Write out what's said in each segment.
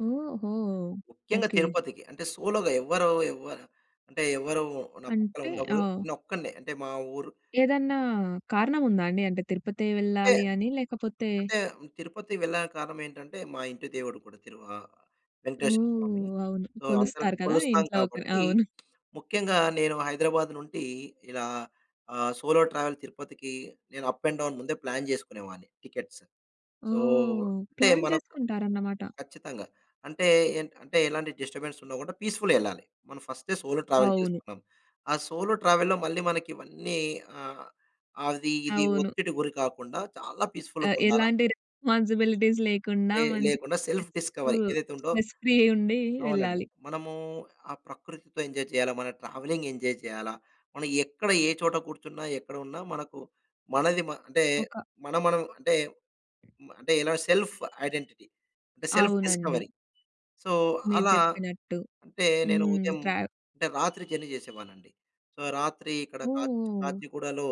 ఓహో! ముఖ్యంగా ఓకే. తిరుపతికి అంటే సోలో‌‌గా ఎవ్వరు ఎవ్వరెవ అంటే ఎవరు నా పక్కన అంటే? ఉండకూడదు. ఓహ్! నేను ఒక్కడినే. అంటే మా ఊరు ఏదన్నా కారణం ఉందా అండి? అంటే, తిరుపతే అంటే, వెళ్ళాలని లేకపోతే అంటే తిరుపతి వెళ్లడానికి కారణమేంటంటే మా ఇంటి దేవుడు కూడా తిరు ఆహ్, వెంకటేశ్వర స్వామి. ఓహ్! అవును. సో, అందరం కొలుస్తారు కదా! కొలుస్తాం ఇంట్లో ఒకరు కాబట్టి, అవును. ముఖ్యంగా నేను హైదరాబాద్ నుండి ఇలా ఆహ్, సోలో ట్రావెల్ తిరుపతికి నేను అప్ అండ్ డౌన్ ముందే ప్లాన్ చేసుకునేవాడిని టికెట్స్. సో, ఓహ్! అంటే, ప్లాన్ మనకు చేసుకుంటారన్నమాట. ఖచ్చితంగా. అంటే, అంటే ఎలాంటి డిస్టర్బెన్స్ ఉండకుండా పీస్‌ఫుల్‌‌గా ఎళ్ళాలి. మనం ఫస్టే సోలో ట్రావెల్ అవును. చేస్తున్నాం. ఆ సోలో ట్రావెల్‌లో మళ్ళీ మనకి ఇవన్నీ ఆహ్, అది ఇది అవును. ఒత్తిడి గురి కాకుండా చాలా అ! పీస్‌ఫుల్‌‌గా ఉండాల ఎలాంటి రెస్పాన్సిబిలిటీస్ లేకుండా లే మంచి లేకుండా సెల్ఫ్ [unintelligible] డిస్కవరీ ఏదైతే ఉందో స్ట్రెస్ ఫ్రీ ఉండి అవునండి. వెళ్ళాలి. మనము ఆ ప్రకృతితో ఎంజాయ్ చేయాల. మన ట్రావెలింగ్ ఎంజాయ్ చేయాల. మనం ఎక్కడ ఏ చోట కూర్చున్నా ఎక్కడున్నా మనకు మనది మ అంటే ఒక మనం, మనం అంటే, మ అంటే ఇలా సెల్ఫ్ ఐడెంటిటీ అంటే సెల్ఫ్ అవునండి. డిస్కవరీ. సో మీరు అలా చెప్పినట్టు అంటే నేను హ్మ్. ఉదయం ట్రావ్ అంటే రాత్రి జర్నీ చేసేవాడినండి. సో, రాత్రి ఇక్కడ ఓహ్! కాచిగూడలో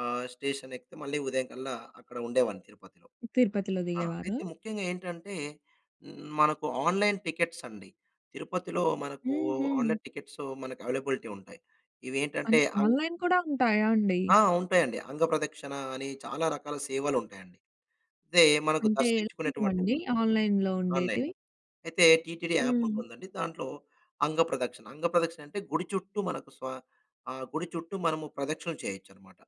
ఆహ్ స్టేషన్ ఎక్కితే మళ్ళీ ఉదయం కల్లా అక్కడ ఉండేవాడిని తిరుపతిలో. తిరుపతిలో ఆ! అయితే దిగేవారా? ముఖ్యంగా ఏంటంటే మనకు ఆన్‌లైన్ టికెట్స్ అండి. తిరుపతిలో మనకు హుహు. ఆన్‌లైన్ టికెట్స్ మనకు అవైలబిలిటీ ఉంటాయి. ఇవి ఏంటంటే అంట్ అంగ్ ఆన్‌లైన్ కూడా ఉంటాయా అండి? ఆ! ఉంటాయండి. అంగ ప్రదక్షిణ అని చాలా రకాల సేవలు ఉంటాయండి. అయితే మనకు అంటే దర్శించుకునేటువంటి ఎలాంటివండి ఆన్‌లైన్‌లో ఆన్‌లైన్. ఉండేటివి? అయితే టీటీడీ యాప్ హ్మ్. ఉంటుందండి. దాంట్లో అంగ ప్రదక్షిణ, అంగ ప్రదక్షిణ అంటే గుడి చుట్టూ మనకు స్వ ఆ గుడి చుట్టూ మనము ప్రదక్షిణ చేయొచ్చనమాట.